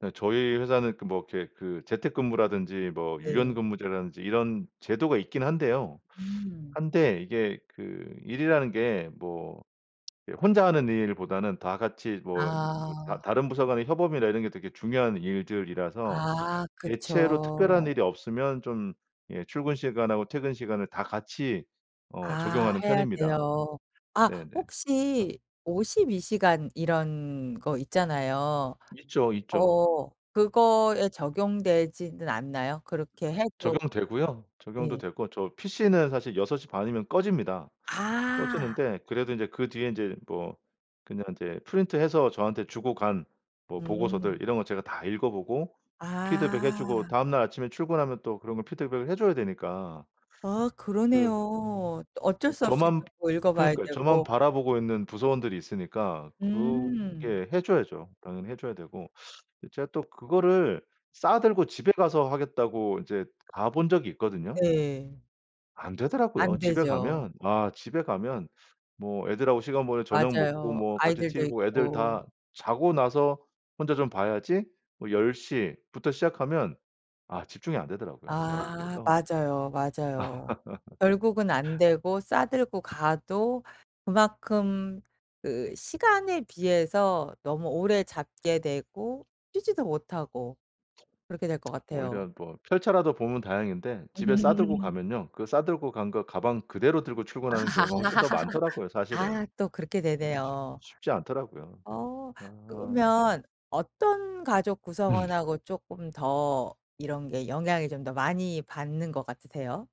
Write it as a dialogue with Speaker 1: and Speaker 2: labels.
Speaker 1: 네. 저희 회사는 그 뭐 그렇게 그 재택근무라든지 뭐
Speaker 2: 네.
Speaker 1: 유연근무제라든지 이런 제도가 있긴 한데요.
Speaker 2: 음.
Speaker 1: 한데 이게 그 일이라는 게 뭐 혼자 하는 일보다는 다 같이 뭐 이 뭐 다
Speaker 2: 아.
Speaker 1: 다른 부서 간의 협업이나 이런 게 되게 중요한 일들이라서
Speaker 2: 아.
Speaker 1: 대체로 특별한
Speaker 2: 그쵸.
Speaker 1: 일이 없으면 좀 예 출근 시간하고 퇴근 시간을 다 같이 어
Speaker 2: 아.
Speaker 1: 적용하는
Speaker 2: 해야
Speaker 1: 편입니다.
Speaker 2: 돼요. 아
Speaker 1: 네네. 그래서
Speaker 2: 혹시 52 시간 이런 거 있잖아요.
Speaker 1: 있죠, 있죠.
Speaker 2: 어 그거에 적용되지는 않나요? 그렇게 해도
Speaker 1: 적용되고요. 적용도
Speaker 2: 네.
Speaker 1: 되고 저 PC는 사실 6 시 반이면 꺼집니다.
Speaker 2: 아.
Speaker 1: 꺼지는데 그래도 인제 그 뒤에 인제 뭐 그냥 인제 프린트해서 저한테 주고 간 뭐 보고서들
Speaker 2: 음.
Speaker 1: 이런 거 제가 다 읽어 보고 피드백 해 주고
Speaker 2: 아.
Speaker 1: 다음날 아침에 출근하면 또 그런 걸 피드백을 해 줘야 되니까.
Speaker 2: 아.
Speaker 1: 그 음
Speaker 2: 그러네요. 또
Speaker 1: 아
Speaker 2: 어쩔 수 없이
Speaker 1: 저만
Speaker 2: 또 읽어 봐야
Speaker 1: 그러니까 저만
Speaker 2: 되고.
Speaker 1: 바라보고 있는 부서원들이 있으니까
Speaker 2: 음.
Speaker 1: 그게 해 줘야죠, 당연히 해 줘야 되고. 근데 제가 또 그거를 싸 들고 집에 가서 하겠다고 인제 가 본 적이 있거든요.
Speaker 2: 네.
Speaker 1: 안 되더라고요.
Speaker 2: 안
Speaker 1: 집에
Speaker 2: 되죠.
Speaker 1: 가면 아 집에 가면 뭐 애들하고 시간 보내고 저녁 먹고
Speaker 2: 맞아요.
Speaker 1: 뭐 같이 티브이
Speaker 2: 아이들도
Speaker 1: 보고 애들
Speaker 2: 있고.
Speaker 1: 다 자고 나서 혼자 좀 봐야지 뭐 10 시부터 시작하면 아 집중이 안 되더라고요, 영.
Speaker 2: 아.
Speaker 1: 그래서
Speaker 2: 맞아요, 맞아요. 결국은 안 되고 싸 들고 가도 그만큼 그 시간에 비해서 너무 오래 잡게 되고 쉬지도 못하고 그렇게 될 것 같아요.
Speaker 1: 오히려 뭐 펼쳐라도 보면 다행인데 집에 싸 들고 가면요 그 싸 들고 간 거 가방 그대로 들고 출근하는 경우가 훨씬 더 많더라고요 사실은.
Speaker 2: 아. 또 그렇게
Speaker 1: 예 쉽
Speaker 2: 되네요.
Speaker 1: 쉽지 않더라고요. 네.
Speaker 2: 어.
Speaker 1: 아 참.
Speaker 2: 그러면 어떤 가족
Speaker 1: 음.
Speaker 2: 구성원하고 쪼끔 더 이런 게 영향이 좀 더 많이 받는 것 같으세요?